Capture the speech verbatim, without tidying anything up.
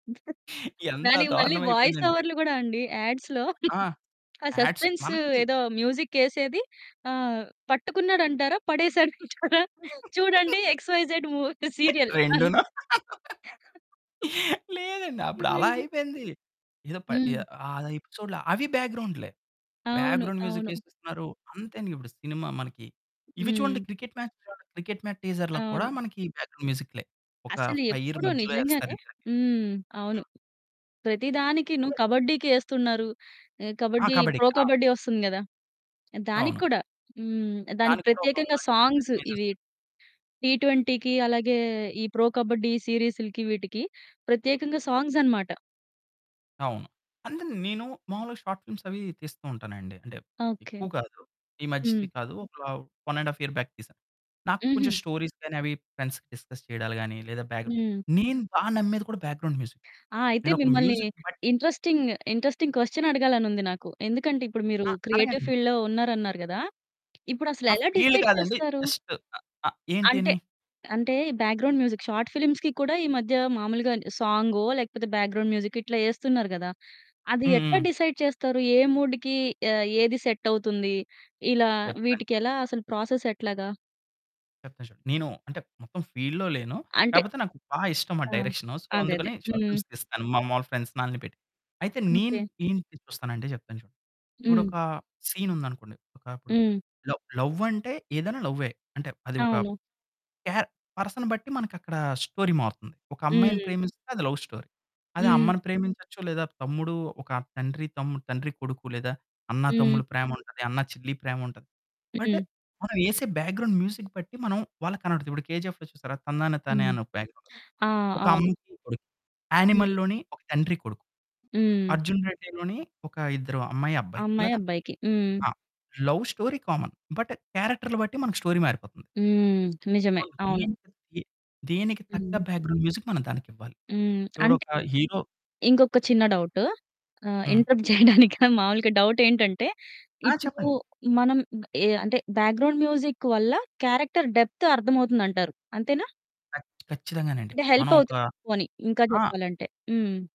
ఎంత దానికి మళ్ళీ దారుణం వాయిస్ అయిపోయిందండి. ఓవర్లు కూడా అండి యాడ్స్‌లో ఆ! ఆ యాడ్స్ సస్పెన్సు మనకి ఏదో మ్యూజిక్ ఎసేది ఆహ్, పట్టుకున్నాడంటారా? పడేసాడంటారా? చూడండి ఎక్స్‌వైజెడ్ మూ సీరియల్. రెండునా? లేదండి. అప్పుడు అలా నిజంగా. అయిపోయింది ఏదో ప ఎ హ్మ్. ఐదేపిసోడ్లా? అవి బ్యాక్‌గ్రౌండ్లే అవును. బ్యాక్‌గ్రౌండ్ మ్యూజిక్ అవును. ఎసేస్తున్నారు అంతేండి ఇప్పుడు సినిమా మనకి ఇవి చూడండి హ్మ్. క్రికెట్ మ్యాచ్లు చూడండి. క్రికెట్ మ్యాచ్ టీజర్‌లో కూడా అవును. మనకి బ్యాక్‌గ్రౌండ్ మ్యూజిక్లే ఒక అసలు ఫైరు ఎప్పుడూ మధ్యలో వేస్తారు నిజంగానే ఇద్దరికి. హ్మ్. అవును. హ్మ్. ప్రతిదానికి నువ్వు కబడ్డీకి ఎస్తున్నారు ఆహ్, ఆ! కబడ్డీ కబడ్డీ. ప్రో ఆ! కబడ్డీ వస్తుంది కదా దానికి అవును. కూడా హ్మ్. దానికి దానికి కూడా ఒక ప్రత్యేకంగా కమ్‌బ్యాక్ సాంగ్సు ఏలివేషన్ ఇవి ఎసేస్తారు. టీ ట్వెంటీకి అలాగే ఈ ప్రో కబడ్డీ సీరీస్‌లకి వీటికి ప్రత్యేకంగా సాంగ్స్ అన్నమాట. అవును. అంటే నేను మాములుగా షార్ట్ ఫిల్మ్స్ అవి తీస్తూ ఉంటానండి అంటే ఓకే. ఎక్కువ కాదు. ఈ హ్మ్. మధ్య కాదు ఒక one and half year back తీశాను. నాకు కొంచెం హుహు. స్టోరీస్ గాని అవి ఫ్రెండ్స్ డిస్కస్ చేయడాలు గాని లేదా బ్యాక్‌గ్రౌండ్ హ్మ్. నేను బాగా నమ్మేది కూడా బ్యాక్‌గ్రౌండ్ మ్యూజిక్ ఆ! అయితే నేనొక మిమ్మల్ని మ్యూజిక్ బట్టి ఇంట్రెస్టింగ్ ఇంట్రెస్టింగ్ క్వెషన్ అడగాలనుంది నాకు. ఎందుకంటే ఇప్పుడు మీరు ఆ! క్రియేటివ్ అడగండి. ఫీల్డ్‌లో ఉన్నారన్నారు కదా! ఇప్పుడు అసలు ఆ! ఎలా ఫీల్డ్ డిసైడ్ కాదండి చేస్తారు? జస్ట్ అ అ ఏంటి అంటే, అని అంటే బ్యాక్‌గ్రౌండ్ మ్యూజిక్ షార్ట్ ఫిల్మ్స్‌కి కూడా ఈ మధ్య మాములుగానే సాంగో లేకపోతే బ్యాక్‌గ్రౌండ్ మ్యూజికో ఇట్లా ఎస్తున్నారు కదా! అది హ్మ్. ఎట్లా హ్మ్. డిసైడ్ చేస్తారు ఏ మూడ్‌కి ఆహ్, ఏది ఆహ్, సెట్ అవుతుంది ఇలా చెప్తాండి. వీటికి ఎలా అసలు ప్రాసెస్ ఎట్లాగా? చెప్తా చూడండి. నేను అంటే మొత్తం ఫీల్డ్‌లో లేను. అంటే కాపోతే నాకు బాగా ఇష్టంమాటా ఆ! డైరెక్షను, సో, అదే, అదే. అందుకని షార్ట్ హ్మ్. ఫిల్మ్స్ తీస్తాను. మా మాములు ఫ్రెండ్స్‌ని ఆళ్ళని పెట్టి అయితే నేన్ ఓకే. నేనేంటి చూస్తానంటే చెప్తాను చూడు హ్మ్. ఇప్పుడొక సీనుందనుకోండి ఒకప్పుడు హ్మ్. లవ్, లవంటే ఏదైనా లవ్వే. అంటే అది ఒక అవును. క్యార్ పర్సన్‌ని బట్టి మనకక్కడ స్టోరీ మారుతుంది. ఒక అమ్మాయిని హ్మ్. ప్రేమిస్తే అది లవ్ స్టోరీ అది హ్మ్. అమ్మని ప్రేమించొచ్చు లేదా తమ్ముడు, ఒక తండ్రి-తమ్ముడు, తండ్రి-కొడుకు, లేదా హ్మ్. అన్న-తమ్ముల, ప్రేమ ఉంటది అన్న-చెల్లి, ప్రేమ ఉంటది. బట్టు హ్మ్. మనం ఎసే బ్యాక్‌గ్రౌండ్ మ్యూజిక్ బట్టి మనం వాళ్ళకి కనపడుద్ది. ఇప్పుడు 'కేజీఎఫ్‌లో' చూసారా 'తందన తానే' హ్మ్. అని ఒక బ్యాక్‌గ్రౌండ్స్ ఆ! ఒక అవును. అమ్మకి కొడుక్కి. హ్మ్. 'యానిమల్‌లోని' ఒక తండ్రి-కొడుకు. హ్మ్. 'అర్జున్ రెడ్డి‌లోని' ఒక ఇద్దరు అమ్మాయి ఆ అబ్బాయి అమ్మాయి ఇలాగ అబ్బాయికి. హ్మ్. ఆ లవ్ స్టోరీ కామన్. బట్టు క్యారెక్టర్లు బట్టి మనకి స్టోరీ మారిపోతుంది. హ్మ్. నిజమే. సో, అవును. దీనికి తీ దేనికి తగ్గ హ్మ్. బ్యాక్‌గ్రౌండ్ మ్యూజిక్ మనం దానికివ్వాలి. హ్మ్. ఎవడో అంటే ఒక హీరో ఇంకొక చిన్న డౌటు ఆహ్, హ్మ్. ఇంటరప్ట్ చేయడానికి మాములుగా డౌటెంటంటే ఆ! ఇప్పుడు చెప్పండి. మనం ఎ అంటే బ్యాక్‌గ్రౌండ్ మ్యూజిక్ వల్ల క్యారెక్టర్ డెప్తు అర్థమవుతుదంటారు అంతేనా? కచ్ ఖచ్చితంగానండి అంటే మనం ఒక హెల్పవుతుంది పోనీ ఇంకా ఆ! చెప్పాలంటే. హ్మ్.